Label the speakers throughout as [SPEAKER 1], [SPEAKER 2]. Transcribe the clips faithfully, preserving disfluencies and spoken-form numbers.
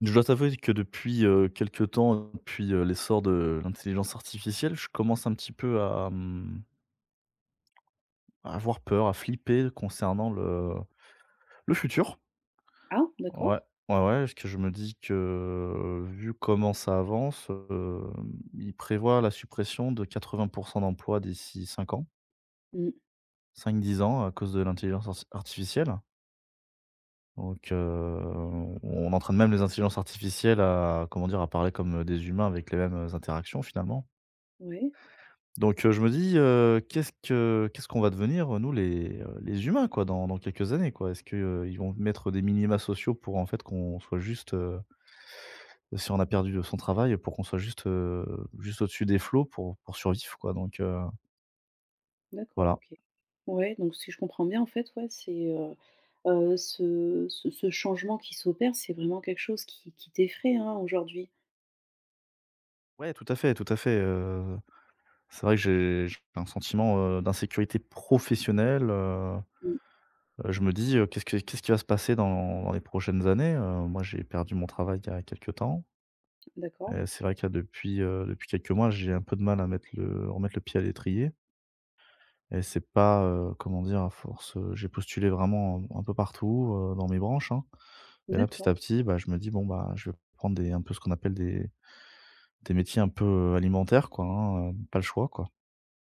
[SPEAKER 1] Je dois t'avouer que depuis, heu, quelques temps, hein, depuis, heu, l'essor de l'intelligence artificielle, je commence un petit peu à, hem, à avoir peur, à flipper concernant le, heu, le futur.
[SPEAKER 2] Ah! D'accord.
[SPEAKER 1] Ouais, ouais, ouais, parce que je me dis que, vu comment ça avance, hem, ils prévoient la suppression de quatre-vint pour cent d'emplois d'ici cinq ans.
[SPEAKER 2] Mmh.
[SPEAKER 1] cinq-dix ans, à cause de l'intelligence arti artificielle. Donc, heu, on on on entraîne même les intelligences artificielles à, comment dire, à parler comme, heu, des humains avec les mêmes, heu, interactions finalement.
[SPEAKER 2] Ouais.
[SPEAKER 1] Donc, heu, je me dis, heu, qu'est-ce que qu'est-ce qu'on va devenir, heu, nous les, heu, les humains quoi, dans dans quelques années, quoi? Est-ce qu'ils vont mettre des minima sociaux pour en fait qu'on soit juste, heu, si on a perdu, heu, son travail pour qu'on soit juste, heu, juste au-dessus des flots pour pour survivre quoi donc, heu.
[SPEAKER 2] D'accord,
[SPEAKER 1] Voilà.
[SPEAKER 2] OK. Ouais, donc si je comprends bien en fait, ouais c'est, heu, heu, ce ce ce changement qui s'opère, c'est vraiment quelque chose qui qui t'effraye, hein, aujourd'hui?
[SPEAKER 1] Ouais, tout à fait, tout à fait, heu, c'est vrai que j'ai j'ai p un sentiment, heu, d'insécurité professionnelle, heu,
[SPEAKER 2] Mmh.
[SPEAKER 1] heu, je me dis, heu, qu'est-ce que qu'est-ce qui va se passer dans les prochaines années, heu? Moi j'ai perdu mon travail il y a quelque temps.
[SPEAKER 2] D'accord.
[SPEAKER 1] Et, c'est vrai qu'il y a depuis, heu, depuis quelques mois j'ai un peu de mal à mettre le remettre le pied à l'étrier. Et c'est pas, heu, comment dire? À force, heu, j'ai postulé vraiment u un peu partout, heu, dans mes branches, hein. Et là petit
[SPEAKER 2] D'accord.
[SPEAKER 1] à petit, bah, je me dis bon, bah, je vais prendre des un peu ce qu'on appelle des des métiers un peu, heu, alimentaires quoi, hein, heu, pas le choix quoi.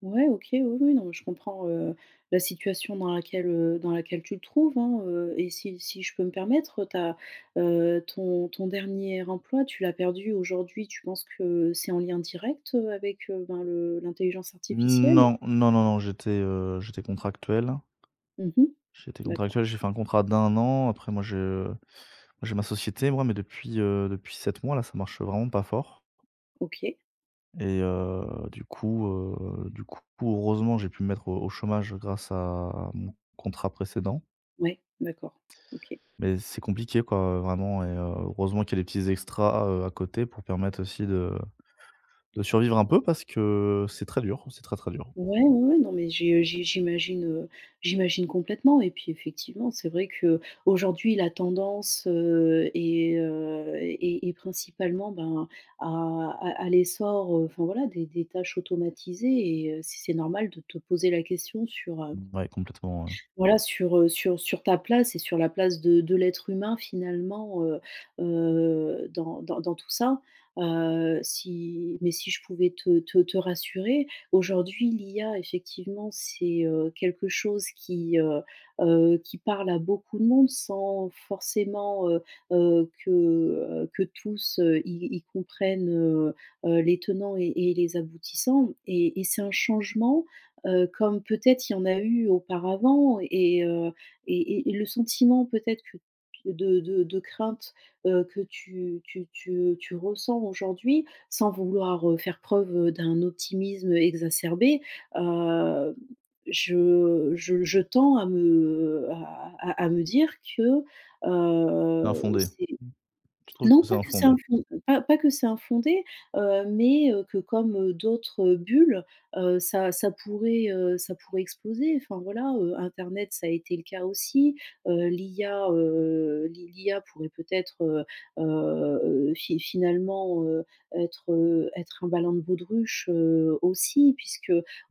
[SPEAKER 2] Ouais OK, oui, oui, non, mais je comprends, heu, la situation dans laquelle, heu, dans laquelle tu te trouves, hein, heu, et si si je peux me permettre, heu, ta, heu, ton ton dernier emploi tu l'as perdu aujourd'hui, tu penses que c'est en lien direct, heu, avec, heu, ben, le l'intelligence
[SPEAKER 1] N
[SPEAKER 2] artificielle?
[SPEAKER 1] non, non, non, non, j'étais heu, j'étais contractuel.
[SPEAKER 2] Mmh mh,
[SPEAKER 1] J'étais
[SPEAKER 2] d'accord.
[SPEAKER 1] contractuel. J'ai fait un contrat d'un an, après moi, je bah, j'ai ma société moi, mais depuis, heu, depuis sept mois, là, ça marche vraiment pas fort.
[SPEAKER 2] OK.
[SPEAKER 1] Et heu, du coup, heu du coup heureusement j'ai pu me mettre au au chômage grâce à mon contrat précédent.
[SPEAKER 2] Ouais, d'accord, OK.
[SPEAKER 1] Mais c'est compliqué quoi heu, vraiment et heu, heureusement qu'il y a des petits extras, heu, à côté pour permettre aussi de de survivre un peu parce que c'est très dur, c'est très, très dur.
[SPEAKER 2] Ouais, ouais, non, mais j'ai heu j'ai j'imagine, heu j'imagine complètement et puis effectivement c'est vrai qu'aujourd'hui la tendance, heu, est heu est est principalement ben, à à à l'essor enfin voilà des des tâches automatisées et heu, si c'est normal de te poser la question sur heu
[SPEAKER 1] Ouais, complètement, ouais.
[SPEAKER 2] voilà sur heu sur sur ta place et sur la place de de l'être humain finalement heu heu, dans dans dans tout ça. Heu, si mais si je pouvais te te te rassurer aujourd'hui l'IA effectivement c'est heu, quelque chose qui heu heu, qui parle à beaucoup de monde sans forcément heu heu, que heu que tous y y comprennent heu heu, les tenants et et les aboutissants et et c'est un changement heu, comme peut-être il y en a eu auparavant et heu et et le sentiment peut-être que de de de crainte, heu, que tu tu tu heu tu ressens aujourd'hui sans vouloir faire preuve d'un optimisme exacerbé, hem, je je je tends à me à à à à me dire que, heu
[SPEAKER 1] L'infondé,
[SPEAKER 2] c'est
[SPEAKER 1] je trouve que
[SPEAKER 2] non
[SPEAKER 1] c'est
[SPEAKER 2] pas que c'est
[SPEAKER 1] infondé.
[SPEAKER 2] infon pas pas que c'est infondé, heu, mais heu, que comme d'autres bulles, heu, ça ça pourrait, heu ça pourrait exploser. Enfin voilà, heu, internet ça a été le cas aussi, heu, l'IA heu l'I l'IA pourrait peut-être, heu heu heu, fi finalement heu, être, heu être un ballon de baudruche, heu, aussi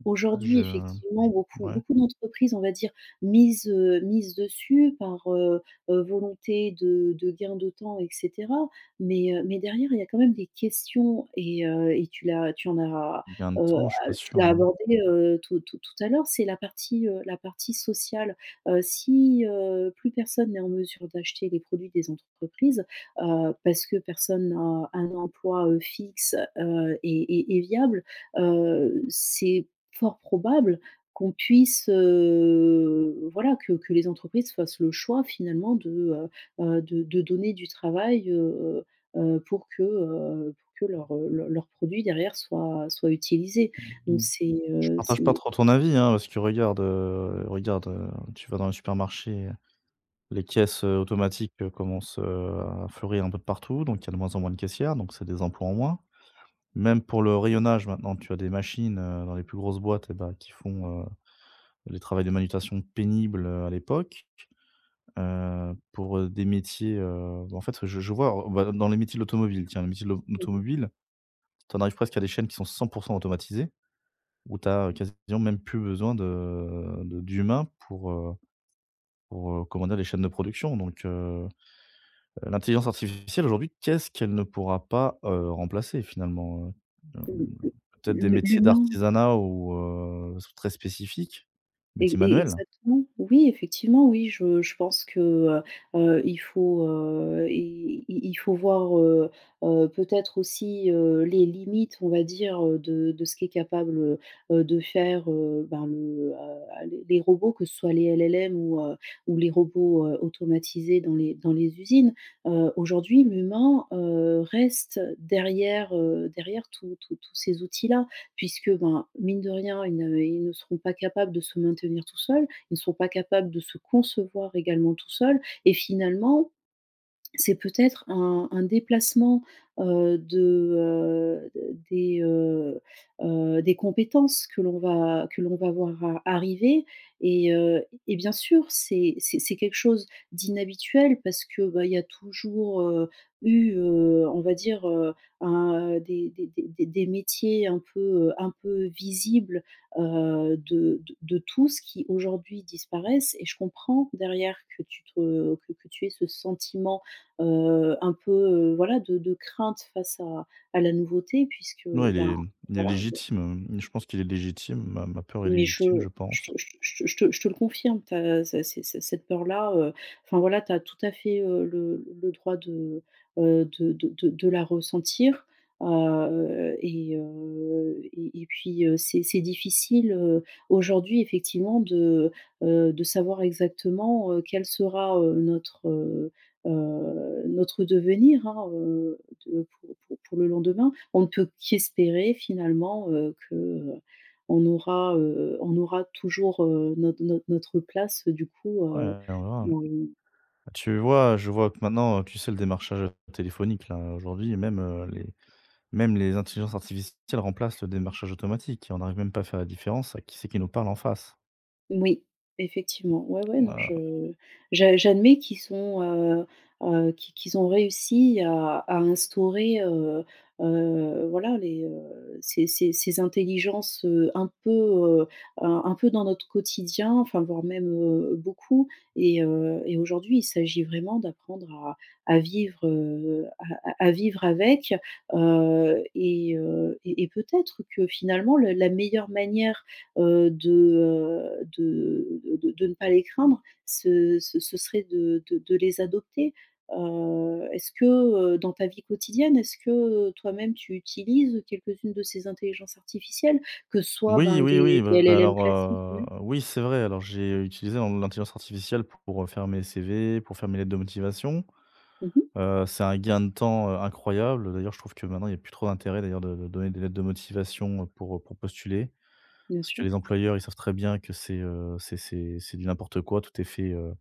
[SPEAKER 1] Ouais, je
[SPEAKER 2] effectivement
[SPEAKER 1] j
[SPEAKER 2] beaucoup
[SPEAKER 1] mouais.
[SPEAKER 2] beaucoup d'entreprises on va dire misent, heu mises dessus par heu heu, volonté de de gain de temps et cetera, mais heu mais derrière il y a quand même des questions et, heu et tu l'as tu en as,
[SPEAKER 1] Gains de
[SPEAKER 2] heu
[SPEAKER 1] temps, je suis
[SPEAKER 2] a
[SPEAKER 1] pas sûr
[SPEAKER 2] tu as
[SPEAKER 1] hein.
[SPEAKER 2] abordé heu, tout tout tout à l'heure. C'est la partie, heu, la partie sociale. Heu, si heu, plus personne n'est en mesure d'acheter des produits des entrepreprise, heu, parce que personne n'a un emploi, heu, fixe heu, et et et viable, heu, c'est fort probable qu'on puisse, heu, voilà que que les entreprises fassent le choix finalement de heu heu, de de donner du travail heu heu, pour que pour que
[SPEAKER 1] Mmh.
[SPEAKER 2] leur leur produit derrière soit soit utilisé
[SPEAKER 1] Mmh
[SPEAKER 2] donc
[SPEAKER 1] mh.
[SPEAKER 2] c'est
[SPEAKER 1] Je
[SPEAKER 2] heu,
[SPEAKER 1] partage pas
[SPEAKER 2] c'est
[SPEAKER 1] trop ton avis hein! Parce que regardes heu regarde heu, tu vas dans le supermarché, les caisses, heu, automatiques commencent, heu, à fleurir un peu de partout, donc il y a de moins en moins de caissières, donc c'est des emplois en moins. Même pour le rayonnage, maintenant tu as des machines, heu, dans les plus grosses boîtes et bah, qui font, heu, les travails de manutention pénible, heu, à l'époque, heu, pour heu, des métiers heu. Bah, en fait, heu, je je vois, on va dans les métiers de l'automobile, tiens le métier de l'au de
[SPEAKER 2] Mmh mh.
[SPEAKER 1] l'automobile, tu en arrives presque à des chaînes qui sont cent pour cent automatisées, ou tu as quasiment même plus besoin de de d'humain pour heu pour heu, commander les chaînes de production donc heu heu, l'intelligence artificielle aujourd'hui qu'est-ce qu'elle ne pourra pas heu, remplacer finalement heu hem,
[SPEAKER 2] L
[SPEAKER 1] peut-être des
[SPEAKER 2] l
[SPEAKER 1] métiers
[SPEAKER 2] l'humain.
[SPEAKER 1] d'artisanat ou heu, c'est très spécifiques,
[SPEAKER 2] E
[SPEAKER 1] métier
[SPEAKER 2] e
[SPEAKER 1] manuel?
[SPEAKER 2] exactement! Oui, effectivement, oui, je je pense que heu heu, il faut heu, i i il faut voir heu heu, peut-être aussi, heu, les limites on va dire, heu, de de ce qu'est capable, heu, de faire, heu, bah le heu, les les robots. Que ce soit les LLM ou, heu, les robots, heu, automatisés dans les dans les usines. Heu, aujourd'hui l'humain, heu, reste derrière, heu derrière tous tous tous ces outils là puisque, ben, mine de rien ils ne ils ne seront pas capables de se maintenir tout seul, ils ne seront pas capables de se concevoir également tout seul, et finalement, c'est peut-être un un déplacement, heu, de, heu des heu heu, des compétences que l'on va que l'on va voir a arriver et heu et bien sûr c'est c'est c'est quelque chose d'inhabituel parce que bah, il y a toujours heu, eu heu, on va dire heu, un heu des des des des métiers un peu heu un peu visibles, heu, de de de tous, qui aujourd'hui disparaissent et je comprends derrière que tu te que que tu aies ce sentiment, heu, un peu voilà de de crainte face à à la nouveauté, puisque,
[SPEAKER 1] Ouais, il
[SPEAKER 2] ben,
[SPEAKER 1] est il est
[SPEAKER 2] voilà, il y a.
[SPEAKER 1] légitime. Je pense qu'il est légitime. Ma ma peur est
[SPEAKER 2] Mais je
[SPEAKER 1] légitime, je
[SPEAKER 2] je
[SPEAKER 1] pense.
[SPEAKER 2] te je te je te je te je te le confirme tu as ça c ces cette peur-là heu, enfin voilà tu as tout à fait heu le le le droit de heu de de de la ressentir. Heu et heu et et et puis heu, c'est c'est difficile, heu, aujourd'hui effectivement de heu de savoir exactement heu, quel sera, heu, notre, heu heu notre heu, devenir hein, heu, de pour pour pour le lendemain. On ne peut qu'espérer finalement heu, que heu, on aura heu on aura toujours, heu, notre notre notre place, heu, du coup heu.
[SPEAKER 1] Ouais, [unintelligible]
[SPEAKER 2] [unintelligible]
[SPEAKER 1] Tu vois, je vois que maintenant, heu, tu sais le démarchage téléphonique là, aujourd'hui et même heu, les même les intelligences artificielles remplacent le démarchage automatique et on n'arrive même pas à faire la différence. Avec qui c'est qui nous parle en face.
[SPEAKER 2] Moui, effectivement, ouais, ouais, non,
[SPEAKER 1] Moi
[SPEAKER 2] je j'a j'admets qu'ils sont, heu heu, qu qu'ils ont réussi à à instaurer, heu heu, voilà les heu, ces ces ces intelligences, heu, un peu, heu, un un peu dans notre quotidien, enfin voire même, heu, beaucoup et heu, et aujourd'hui il s'agit vraiment d'apprendre à à vivre, heu, à à à vivre avec, heu, et heu, et et peut-être que finalement le la meilleure manière, heu, de, heu, de de de ne pas les craindre ce ce serait de de de les adopter. Heu, est-ce que, heu, dans ta vie quotidienne, est-ce que, heu, toi-même tu utilises quelques-unes de ces intelligences artificielles? Que ce soit
[SPEAKER 1] Oui,
[SPEAKER 2] ben
[SPEAKER 1] oui, oui,
[SPEAKER 2] des des
[SPEAKER 1] bah,
[SPEAKER 2] LLM
[SPEAKER 1] alors,
[SPEAKER 2] classiques
[SPEAKER 1] heu,
[SPEAKER 2] mmh
[SPEAKER 1] heu, oui, c'est vrai. Alors, j'ai utilisé l l'intelligence artificielle pour, heu, faire mes CV, pour faire mes lettres de motivation.
[SPEAKER 2] Mmh mh.
[SPEAKER 1] Heu, c'est un gain de temps, heu, incroyable. D'ailleurs, je trouve que maintenant, il y a plus trop d'intérêt d'ailleurs de de donner des lettres de motivation pour pour postuler.
[SPEAKER 2] Bien
[SPEAKER 1] Parce que
[SPEAKER 2] sûr.
[SPEAKER 1] les employeurs, ils savent très bien que c'est, heu, c'est c'est c'est du n'importe quoi. Tout est fait, heu,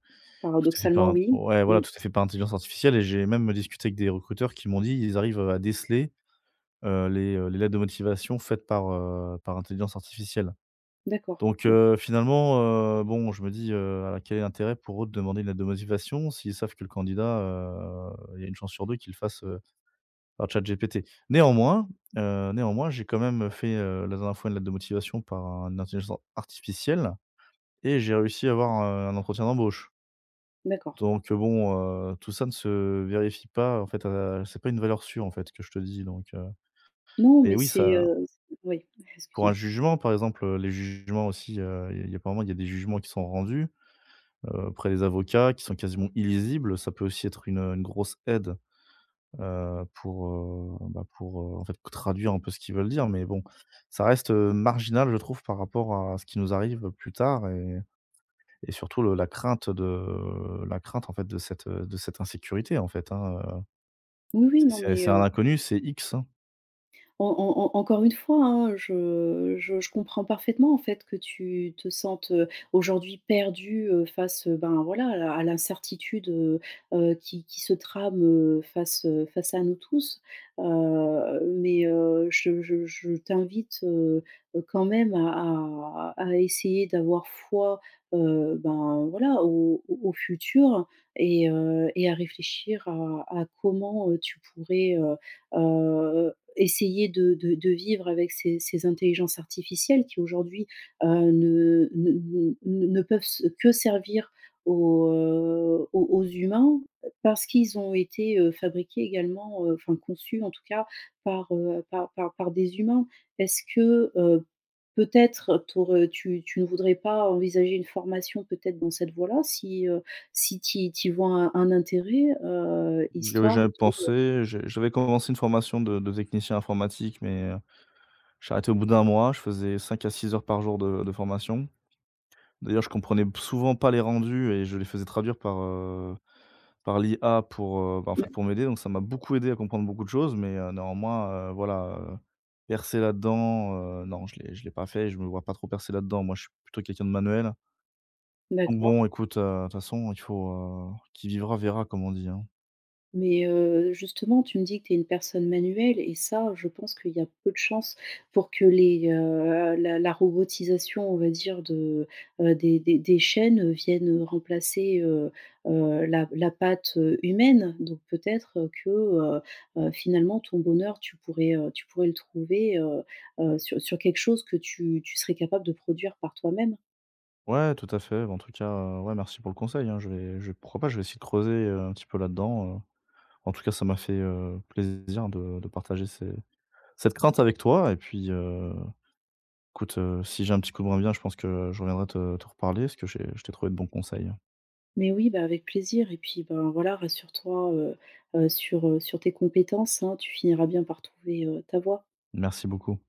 [SPEAKER 1] tout est fait
[SPEAKER 2] Paradoxalement,
[SPEAKER 1] par un
[SPEAKER 2] oui!
[SPEAKER 1] ouais,
[SPEAKER 2] Mmh.
[SPEAKER 1] voilà. Tout est fait par intelligence artificielle, et j'ai même discuté avec des recruteurs qui m'ont dit, ils arrivent, heu, à déceler, heu, les, heu, les lettres de motivation faites par, heu, par intelligence artificielle.
[SPEAKER 2] D'accord.
[SPEAKER 1] Donc,
[SPEAKER 2] OK.
[SPEAKER 1] heu, finalement heu, bon! Je me dis: «Heu, quel est l'intérêt pour eux de demander une lettre de motivation s'ils savent que le candidat, heu, il y a un chance sur deux qu'il le fasse, heu, par ChatGPT?» néanmoins, heu, néanmoins, j'ai quand même, heu, fait, heu, la dernière fois une lettre de motivation par un intelligent artificielle et j'ai réussi à avoir, heu, un entretien d'embauche!
[SPEAKER 2] D'accord.
[SPEAKER 1] Donc, heu, bon, heu, tout ça ne se vérifie pas en fait à c'est pas une valeur sûre en fait que je te dis donc, heu.
[SPEAKER 2] Non
[SPEAKER 1] Et
[SPEAKER 2] mais
[SPEAKER 1] oui
[SPEAKER 2] c'est,
[SPEAKER 1] ça
[SPEAKER 2] heu o ouais!
[SPEAKER 1] Pour un
[SPEAKER 2] Excuse-moi.
[SPEAKER 1] jugement par exemple, heu, les jugements aussi, heu, il y a apparemment, il y a des jugements qui sont rendus, heu, auprès des avocats qui sont quasiment illisibles. Ça peut aussi être une, heu, une grosse aide, heu, pour, heu, bah, pour, heu, en fait traduire un peu ce qu'ils veulent dire. Mais bon, ça reste, heu, marginal je trouve par rapport à ce qui nous arrive plus tard, et et surtout le la crainte, heu, de la crainte en fait de cette de cette insécurité en fait, hein, heu,
[SPEAKER 2] Oui oui
[SPEAKER 1] c'est
[SPEAKER 2] non
[SPEAKER 1] c'est
[SPEAKER 2] mais
[SPEAKER 1] c'est un
[SPEAKER 2] heu
[SPEAKER 1] inconnu, c'est X, hein.
[SPEAKER 2] En en en encore une fois, hein, je je je comprends parfaitement en fait que tu te sentes, heu, aujourd'hui perdu, heu, face, heu, ben, voilà à la à l'incertitude, heu heu, qui qui se trame, heu, face, heu, face à nous tous. Heu, mais, heu, je je je t'invite, heu heu, quand même à à à essayer d'avoir foi, heu, ben, voilà, au au au futur et heu, et à réfléchir à à comment, heu, tu pourrais, heu heu, essayer de de de vivre avec ces ces intelligences artificielles qui aujourd'hui, heu, ne ne ne ne peuvent se que servir aux heu, aux aux humains, parce qu'ils ont été, heu, fabriqués également, heu, enfin conçus en tout cas, par, heu, par par par des humains. Est-ce que, heu, peut-être t'aur heu, tu tu ne voudrais pas envisager une formation peut-être dans cette voie-là? Si, heu, si tu y tu y vois un intérêt? Heu,
[SPEAKER 1] J'y avais
[SPEAKER 2] Histoire
[SPEAKER 1] jamais
[SPEAKER 2] de heu
[SPEAKER 1] pensé, j j'avais commencé une formation de de technicien informatique, mais, heu, j'ai arrêté au bout d'un mois, je faisais cinq à six heures par jour de de formation. D'ailleurs, je comprenais p souvent pas les rendus et je les faisais traduire par, heu, par l'IA pour, heu, bah en fait
[SPEAKER 2] [unintelligible]
[SPEAKER 1] pour m'aider. Donc, ça m'a beaucoup aidé à comprendre beaucoup de choses, mais, heu, néanmoins, heu, voilà, heu, percer là-dedans, heu, non je l'ai je l'ai pas fait et je me vois pas trop percer là-dedans. Moi, je suis plutôt quelqu'un de manuel. Donc, bon,
[SPEAKER 2] D'accord.
[SPEAKER 1] écoute, heu, de toute façon, il faut qui vivra verra, comme on dit, hein?
[SPEAKER 2] Mais, heu, justement, tu me dis que tu es une personne manuelle et ça, je pense qu'il y a peu de chances pour que les, heu, la la robotisation on va dire de, heu, des des des chaînes, heu, viennent remplacer, heu heu, la la patte, heu, humaine. Donc peut-être, heu, que, heu heu, finalement ton bonheur tu pourrais, heu, tu pourrais le trouver, heu heu, sur sur quelque chose que tu tu serais capable de produire par toi-même?
[SPEAKER 1] Ouais, tout à fait. Bah, en tout cas, heu, ouais merci pour le conseil hein. Je vais je pourquoi pas, je vais essayer de creuser, heu, un petit peu là-dedans, heu. En tout cas, ça m'a fait, heu, plaisir de de partager ces cette crainte avec toi. Et puis, heu, écoute, heu, si j'ai un petit coup de moins bien je pense que je reviendrai te te reparler parce que j'ai je t'ai trouvé de bons conseils, hein.
[SPEAKER 2] Mais oui, bah, avec plaisir et puis, ben, voilà rassure-toi, heu heu, sur, heu, sur tes compétences, hein, tu finiras bien par trouver, heu, ta voie.
[SPEAKER 1] Merci beaucoup.